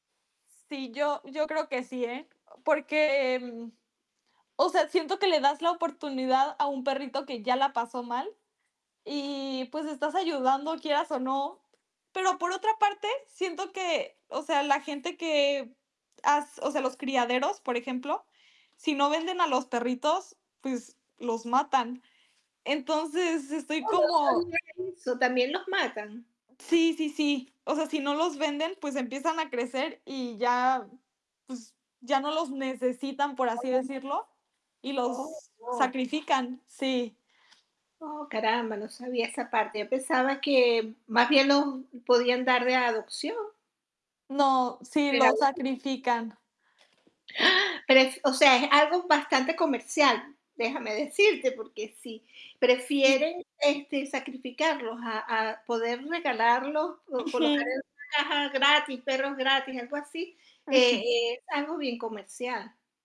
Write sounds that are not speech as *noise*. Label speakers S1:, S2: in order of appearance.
S1: Sí, yo yo creo que sí, ¿eh? Porque, mm, o sea, siento que le das la oportunidad a un perrito que ya la pasó mal, y, pues estás ayudando, quieras o no. Pero, por otra parte, siento que, o sea, la gente que, ha s o sea, los criaderos, por ejemplo, si no venden a los perritos, pues los matan. Entonces, estoy
S2: Oh, no
S1: como
S2: sabia que *unintelligible* So, ¿también los matan?
S1: Sí, sí, sí, o sea, si no los venden, pues empiezan a crecer y ya, pues, ya no los necesitan, por así decirlo, y los
S2: *unintelligible*
S1: sacrifican, sí.
S2: Oh, caramba, no sabía esa parte. Yo pensaba que, más bien, los podían dar de adopción.
S1: No, sí, los
S2: Regalar.
S1: sacrifican.
S2: *gasps* Ah, pero es o sea, es algo bastante comercial, déjame decirte, porque si
S1: Sí.
S2: prefieren, este, sacrificarlos a a poder regalarlos, o colocar
S1: Ujú.
S2: el caja, gratis, perros gratis, algo así,
S1: Ujú.
S2: e es algo bien comercial.